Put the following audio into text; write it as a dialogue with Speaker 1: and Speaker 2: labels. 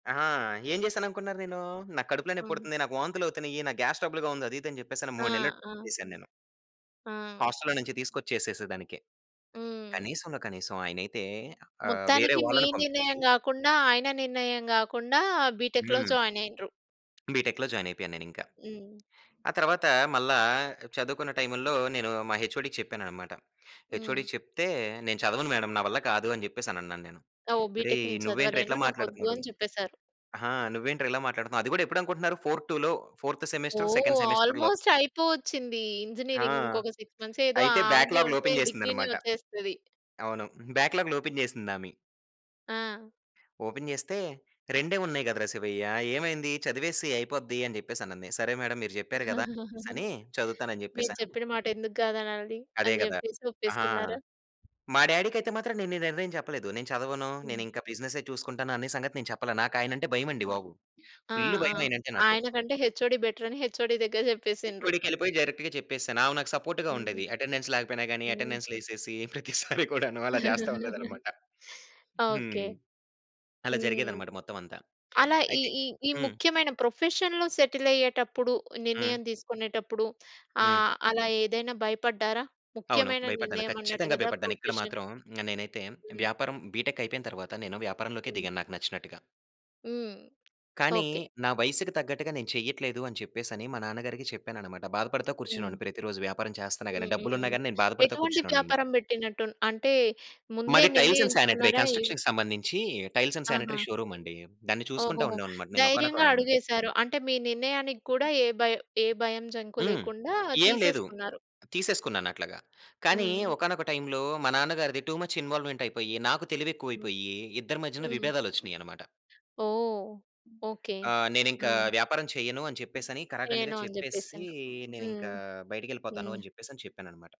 Speaker 1: అహా! ఏం చేశాననుకున్నారు నేను? నా కడుపులో
Speaker 2: హ్మ్.
Speaker 1: నెప్పుడుతుంది. నాకు వాంతులవుతున్నాయి. నాకు గ్యాస్ ట్రబుల్‌గా ఉంది. అది ఇది అని చెప్పేసి
Speaker 2: ఆ!
Speaker 1: 3 నెలలు
Speaker 2: ఆ!
Speaker 1: చేశాను నేను.
Speaker 2: ఆ!
Speaker 1: హోస్టల్‌లో నుంచి తీసుకొచ్చేసేసేదానికి.
Speaker 2: హ్మ్.
Speaker 1: కనీసంలో కనీసం ఆయనైతే ఆహ్, వేరే
Speaker 2: మొత్తానికి మీ
Speaker 1: వాళ్ళని పంపించి
Speaker 2: నిర్ణయం గాకుండా ఆయన నిర్ణయం గాకుండా బిటెక్‌లో
Speaker 1: హ్మ్.
Speaker 2: జాయిన్ అయ్యిండ్రు.
Speaker 1: బిటెక్‌లో జాయిన్ అయిపోయాను నేనింకా.
Speaker 2: హ్మ్.
Speaker 1: ఆ తర్వాత మల్ల చదువుకున్న టైముల్లో నేను మా హెచ్ఓడికి చెప్పానన్నమాట.
Speaker 2: హ్మ్.
Speaker 1: హెచ్ఓడికి చెప్తే, "నేను చదవను మేడమ్ నా వల్ల కాదు" అని చెప్పేసి అనన్నాను నేను.
Speaker 2: ఓహ్! బిటెక్
Speaker 1: "ఒరేయ్!
Speaker 2: నేను
Speaker 1: నువ్వేంట్రా
Speaker 2: చదవలేను
Speaker 1: ఇట్లా
Speaker 2: నాకొద్దు
Speaker 1: మాట్లాడుతున్నాడు
Speaker 2: అని చెప్పేసారు.
Speaker 1: ఆ! నువ్వేంట్రా ఇలా మాట్లాడుతున్నావు" అది కూడా ఎప్పుడు అనుకుంటున్నారు ఫోర్ టులో ఫోర్త్ సెమెస్టర్
Speaker 2: ఓహ్!
Speaker 1: సెకండ్ సెమిస్టర్‌లో.
Speaker 2: ఆల్మోస్ట్ అయిపోవచ్చింది.
Speaker 1: ఆ!
Speaker 2: ఇంజినీరింగ్ ఇంకొక 6 మంత్స్ ఏదో
Speaker 1: అయితే
Speaker 2: ఆగి
Speaker 1: బ్యాక్‌లాగ్లు
Speaker 2: ఉంటే
Speaker 1: ఓపెన్
Speaker 2: డిగ్రీ‌నే
Speaker 1: చేసిందనమాట.
Speaker 2: వచ్చేస్తది.
Speaker 1: అవును. బ్యాక్‌లాగ్లు ఓపెన్ చేసిందామె.
Speaker 2: ఆ!
Speaker 1: ఓపెన్ చేస్తే "రెండే ఉన్నాయి కదరా! శివయ్య. ఏమైంది? చదివేసేయి అయిపోద్ది" అని చెప్పేసి అనంది. సరే! మేడమ్ మీరు చెప్పారు కదా! అనేసనీ చదువుతాను అని
Speaker 2: మీరు
Speaker 1: చెప్పేసను
Speaker 2: చెప్పిన మాట ఎందుకు కాదనాలి
Speaker 1: అదే
Speaker 2: అని
Speaker 1: కదా!
Speaker 2: చెప్పేసి
Speaker 1: ఆహా!
Speaker 2: ఒప్పేసుకున్నారా?
Speaker 1: మా డాడీకైతే మాత్రం నేను ఈ నిర్ణయం చెప్పలేదు. నేను చదవను,
Speaker 2: హ్మ్.
Speaker 1: నేను ఇంకా బిజినెస్సే చూసుకుంటాను అన్న సంగతి నేను చెప్పలే. నాకు ఆయనంటే భయం అండి బాబు.
Speaker 2: ఆ!
Speaker 1: ఫుల్
Speaker 2: ఆ!
Speaker 1: భయం ఆయన అంటే నాకు.
Speaker 2: ఆయన కంటే హెచ్ఓడి బెటరని హెచ్ఓడి దగ్గర చెప్పేసిండ్రు.
Speaker 1: హెచ్ఓడికి యెళ్ళిపోయి డైరెక్ట్‌గా చెప్పేసాను. ఆమె నాకు సపోర్ట్‌గా
Speaker 2: హ్మ్.
Speaker 1: ఉండేది. అటెండెన్స్ లేకపోయినా గాని
Speaker 2: హ్మ్.
Speaker 1: అటెండెన్స్ లేసేసి, ప్రతిసారి కూడాను అలా చేస్తూ ఉండేదనమాట.
Speaker 2: ఓకే.
Speaker 1: హ్మ్. అలా
Speaker 2: హ్మ్.
Speaker 1: జరిగేదనమాట మొత్తం అంతా.
Speaker 2: అలా ఈ
Speaker 1: అయితే
Speaker 2: ఈ ఈ
Speaker 1: హ్మ్.
Speaker 2: ముఖ్యమైన ప్రొఫెషన్‌లో సెటిల్ అయ్యేటప్పుడు, నిర్ణయం
Speaker 1: హ్మ్.
Speaker 2: తీసుకునేటప్పుడు
Speaker 1: హ్మ్.
Speaker 2: ఆహ్, అలా ఏదైనా భయపడ్డారా?
Speaker 1: అవును.
Speaker 2: ముఖ్యమైన
Speaker 1: భయపడ్డాను.
Speaker 2: నిర్ణయం అన్నట్టు
Speaker 1: ఖచ్చితంగా
Speaker 2: కదా!
Speaker 1: భయపడ్డాను. ఇక్కడ
Speaker 2: ప్రొఫెషన్.
Speaker 1: మాత్రం నేనైతే
Speaker 2: హ్మ్.
Speaker 1: వ్యాపారం బిటెక్ అయిపోయిన తర్వాత నేను వ్యాపారంలోకే
Speaker 2: హ్మ్.
Speaker 1: దిగాను నాకు నచ్చినట్టుగా.
Speaker 2: హ్మ్.
Speaker 1: కానీ
Speaker 2: ఓకే.
Speaker 1: నా వయసుకు తగ్గట్టుగా నేను చెయ్యట్లేదు అని చెప్పేసనీ మా నాన్నగారికి చెప్పానన్నమాట. బాధపడతా
Speaker 2: హ్మ్.
Speaker 1: కూర్చునేవాడిని ప్రతిరోజు. వ్యాపారం చేస్తన్న గాని
Speaker 2: హ్మ్. హ్మ్.
Speaker 1: డబ్బులు ఉన్న
Speaker 2: హ్మ్.
Speaker 1: గాని నేను బాధపడతా
Speaker 2: ఎటువంటి
Speaker 1: కూర్చునేవాడినన్నమాట.
Speaker 2: వ్యాపారం పెట్టినట్టు అంటే ముందే
Speaker 1: మాది టైల్స్ అండ్ సానిటరీ
Speaker 2: నిర్ణయించుకున్నారా ఏం
Speaker 1: కన్స్ట్రక్షన్‌కి సంబంధించి టైల్స్ అండ్ సానిటరీ
Speaker 2: ఆహా!
Speaker 1: షోరూమండి. దాన్ని చూసుకుంటా
Speaker 2: ఓహోహో!
Speaker 1: ఉండేవాడిని అన్నమాట. నేను ఒకానొక
Speaker 2: ధైర్యంగా అడుగేసారు. అంటే మీ నిర్ణయానికి కూడా ఏ భయ ఏ భయం జంకు
Speaker 1: హ్మ్.
Speaker 2: లేకుండా
Speaker 1: ఏం లేదు.
Speaker 2: తీసేసుకున్నారు.
Speaker 1: తీసేసుకున్నాను అట్లాగా. కానీ
Speaker 2: హ్మ్.
Speaker 1: ఒకానొక టైమ్‌లో మా నాన్నగారిది టూ ముచ్ ఇన్వాల్వ్‌మెంట్ అయిపోయి, నాకు
Speaker 2: హ్మ్.
Speaker 1: తెలివెక్కువైపోయి ఇద్దరి మధ్యన
Speaker 2: హ్మ్.
Speaker 1: విభేదాలు వచ్చినయి అన్నమాట.
Speaker 2: ఓహ్! ఓకే.
Speaker 1: ఆహ్, నేనింకా
Speaker 2: హ్మ్.
Speaker 1: వ్యాపారం చేయను అని చెప్పేసనీ కరాకండిగా
Speaker 2: చేయను అని
Speaker 1: చెప్పేసి,
Speaker 2: చెప్పేసిండ్రు. హ్మ్.
Speaker 1: నేనింకా బయటికెళ్ళిపోతాను
Speaker 2: హ్మ్.
Speaker 1: అని చెప్పేసి చెప్పాను అన్నమాట.